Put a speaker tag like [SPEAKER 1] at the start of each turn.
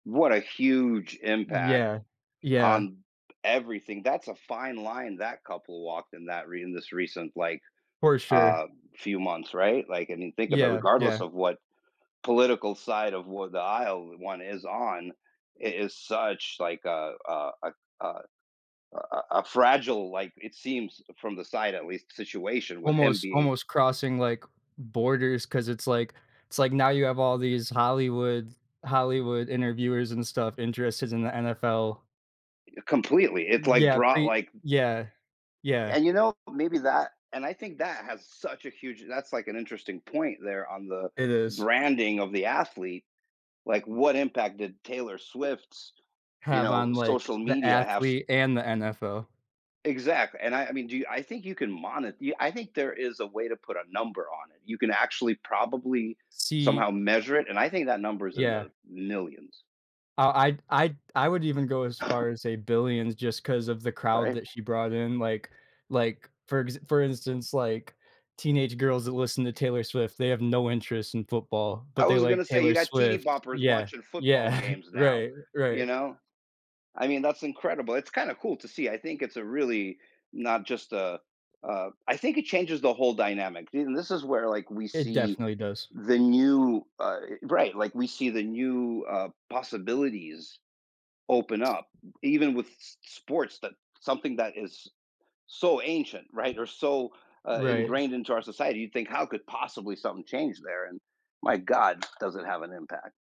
[SPEAKER 1] What a huge impact
[SPEAKER 2] Yeah. Yeah.
[SPEAKER 1] on everything. That's a fine line that couple walked in that re in this recent, like,
[SPEAKER 2] For sure.
[SPEAKER 1] uh, few months, right? Like, and you think of
[SPEAKER 2] Yeah,
[SPEAKER 1] regardless
[SPEAKER 2] yeah.
[SPEAKER 1] of what political side of what the aisle o one is on, it is such like a a a a a a a fragile, like it seems f from the side, at least, situation with him
[SPEAKER 2] Almost
[SPEAKER 1] being
[SPEAKER 2] almost crossing, like, borders 'cause it's like it's like now you have all these Hollywood Hollywood interviewers and stuff interested in the NFL.
[SPEAKER 1] Y completely, it's,
[SPEAKER 2] N
[SPEAKER 1] like,
[SPEAKER 2] yeah.
[SPEAKER 1] brought,
[SPEAKER 2] Pre
[SPEAKER 1] like
[SPEAKER 2] yeah. Yeah.
[SPEAKER 1] And, you know, maybe that and I think that has such a huge that's, like, an interesting point there on the
[SPEAKER 2] It is.
[SPEAKER 1] branding of the athlete. Like, what impact did Taylor Swift's, you
[SPEAKER 2] Have
[SPEAKER 1] know,
[SPEAKER 2] on, like,
[SPEAKER 1] social
[SPEAKER 2] the
[SPEAKER 1] media have s
[SPEAKER 2] athlete and the NFL.
[SPEAKER 1] Exact and I I mean, do you I think you can monit you I think there is a way to put a number on it. You can actually, probably,
[SPEAKER 2] See
[SPEAKER 1] somehow measure it, and I think that number is in
[SPEAKER 2] Yeah.
[SPEAKER 1] the millions.
[SPEAKER 2] Uh, I'd I'd I would even go as far as say billions just 'cause of the crowd
[SPEAKER 1] Right?
[SPEAKER 2] that she brought in. Like like, for ex for instance, like, teenage girls that listen to Taylor Swift, they have no interest in football,
[SPEAKER 1] I
[SPEAKER 2] but they
[SPEAKER 1] was
[SPEAKER 2] like
[SPEAKER 1] gonna say you
[SPEAKER 2] Taylor
[SPEAKER 1] got tv
[SPEAKER 2] Swift.
[SPEAKER 1] boppers
[SPEAKER 2] Yeah,
[SPEAKER 1] watching
[SPEAKER 2] yeah.
[SPEAKER 1] football games now,
[SPEAKER 2] Right,
[SPEAKER 1] you
[SPEAKER 2] right.
[SPEAKER 1] know? I mean, that's incredible. It's kinda cool to see. I think it's a really not just a, uh I think it changes the whole dynamic. See and this is where, like, we
[SPEAKER 2] It
[SPEAKER 1] see
[SPEAKER 2] definitely does.
[SPEAKER 1] the new uh, right, like, we see the new, uh, possibilities open up even with s s sports that something that is so ancient, right, or so, uh,
[SPEAKER 2] Right.
[SPEAKER 1] ingrained into our society. You think, "How could possibly something change there?" And my god, does it have an impact.